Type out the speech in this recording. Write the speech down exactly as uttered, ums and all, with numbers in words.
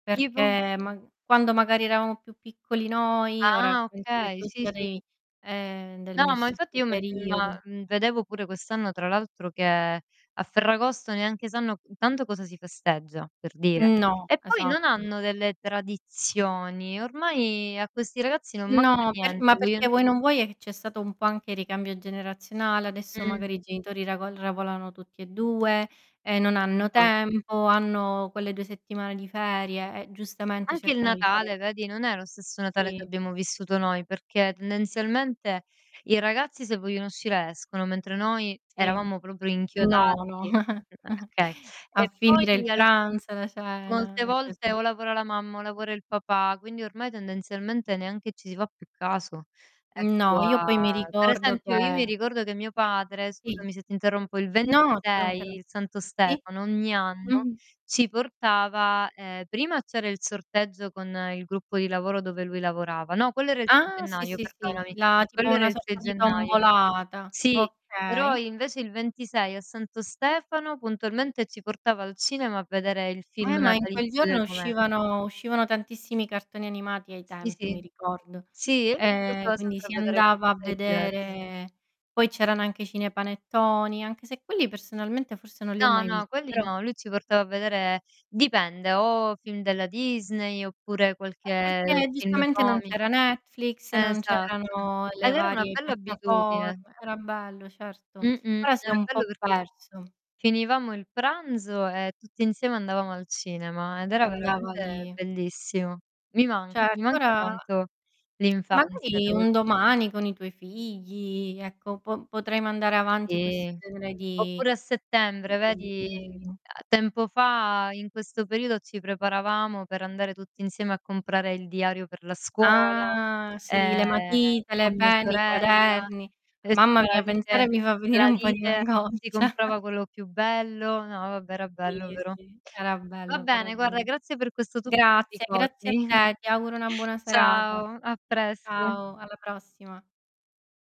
ipo? Perché ma quando magari eravamo più piccoli noi, ora Ah, penso che okay, tu sì, sia sì. dei ehm, del mio No ma infatti stesso io [unintelligible] periodo. vedevo pure quest'anno tra l'altro che, a Ferragosto neanche sanno, intanto cosa si festeggia, per dire. No, E poi non esatto. hanno delle tradizioni, ormai a questi ragazzi non manca No, per ma niente, vien perché vuoi non vuoi, è che c'è stato un po' anche ricambio generazionale. Adesso Mh. magari i genitori ravo ravolano tutti e due, e non hanno [unintelligible] tempo, hanno quelle due settimane di ferie e giustamente Anche il cercano di fare Natale vedi, non è lo stesso Natale che Sì. abbiamo vissuto noi, perché tendenzialmente i ragazzi se vogliono uscire escono, mentre noi Sì, eravamo proprio no, no. inchiodati a [unintelligible] okay. A E finire poi il al pranzo, la Molte cena. È volte, così. o lavora la mamma o lavora il papà, quindi ormai tendenzialmente neanche ci si fa più caso, ecco No, io a poi mi per ricordo esempio, io mi che ricordo che mio padre, Sì. scusami se ti interrompo, il No, ci ventisei, manchere il Santo sì. Stefano, ogni anno Mh-mh. ci portava, ehm, prima c'era il sorteggio con il gruppo di lavoro dove lui lavorava no, quello era il sei Ah, sì, gennaio sì, sì, perdonami. la tipo Quello era una il sei sorta di gennaio. tombolata. Sì, però Okay. invece il ventisei, a Santo Stefano, puntualmente, ci portava al cinema a vedere il Eh film ma in quel natalizio giorno del momen uscivano uscivano tantissimi cartoni animati ai Sì, tempi, mi sì. ricordo. Sì e lui ci Ehm, portava quindi sempre a si vedere andava a qualcosa di divers vedere poi c'erano anche i cinepanettoni, anche se quelli personalmente forse non li ho No, mai no, visti, quelli però no, lui ci portava a vedere dipende o film della Disney, oppure Eh qualche perché, film giustamente, non comi c'era Netflix, non esatto c'erano le ed era una varie bella abitudine. piattaforme era bello, certo. Mh-mh. Ora si Era è un bello po' perché perso. finivamo il pranzo e tutti insieme andavamo al cinema, ed E era andava lì. veramente bellissimo. Mi manca, mi Certo manca ora tanto l'infanzia, magari devo un dire. domani, con i tuoi figli, ecco, po potrai mandare avanti questo Sì. genere Oppure a settembre, vedi, fabbisogno. a tempo fa in questo periodo, ci preparavamo per andare tutti insieme a comprare il diario per la scuola, Ah, sì! Le ehm, matite, le con mia penne, i sorella, quaderni. e Mamma c'era la mia, lite pensare mi fa venire la un po' di lite angoscia. si comprava quello più bello, no vabbè era bello Sì, però. sì, era Va bello, però è bene, guarda vero. grazie per questo tuffo di Grazie, grazie a ricordi. te. Ti auguro una buona serata. Ciao a presto. Ciao, alla prossima.